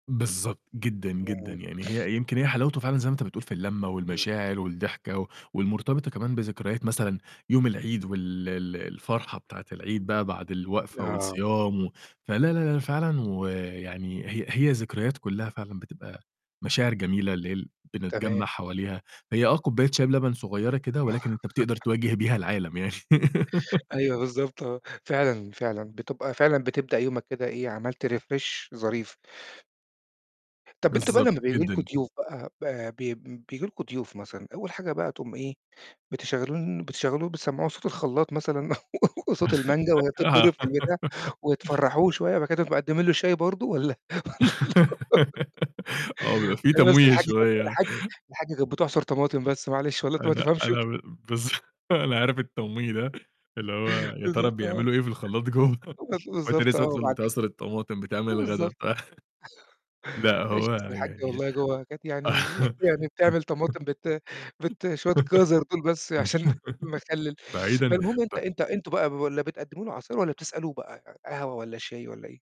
بالضبط، جدًا، جدًا. إمم. يعني هي يمكن هي حلاوته فعلًا زي ما أنت بتقول في الّلمّة إمم. والمشاعر والضحكة و والمرتبطة كمان بذكريات مثلًا يوم العيد وال ال الفرحة بتاعة العيد بقى بعد الوقفة آه. والصيام و فلا، لا، لا، فعلًا، ويعني هي هي ذكريات كلّها فعلًا بتبقى مشاعر جميلة اللي هي ال تمام. بنتجمّع حواليها، هي آه، كوباية شاي بلَبَن صغيّرة كده، ولكن أنت بتقدر تواجه بيها العالم يعني. أيوه، بالضبط آه. فعلًا، فعلًا بتبقى فعلًا بتبدأ يومك كده إيه، عملت refresh ظريف. طَب أنت بقى بالضبط، لمّا بييجي لكم جدًا. ضيوف بقى ب بي بيبجي لكم ضيوف مثلًا، أول حاجة بقى تقوم إيه، بتشغلون بتشغّلوه بتسمّعوه صوت الخلّاط مثلًا وصوت المانجا وهي بتضرِّب آه. في البتاع، وتفرّحوه شوية بعد كده تقوم مقدّمين له شاي برضه والَّا والَّا آه، بيبقى في [unintelligible] لا بس تمويه الحاجّة كانت ب شوية. الحاجّة كانت الحاجّة كانت بتعصُر طماطم بس معلش والله أنت ما أنا تفهمش أنا ب بالض أنا عارف التمويه ده اللي هو يا ترى بالضبط آه. بيعملوا إيه في الخلّاط جوّه. [unintelligible] وأنت بالضبط لسّه آه، أصلًا بعد كد بتعصُر الطماطم، بتعمل الغدا بالضبط بتاع. لأ، معلش هو أصل الحاجّة يعني والله جوّه كانت يعني يعني بتعمل طماطم بت بت شوية جَزَر دُول بس عشان المخلِّل. بعيدًا فالمهم أنت ب أنت أنتم بقى ب والَّا بتقدّموا له عصير والَّا بتسألوه بقى ق قهوة والَّا شاي والَّا إيه؟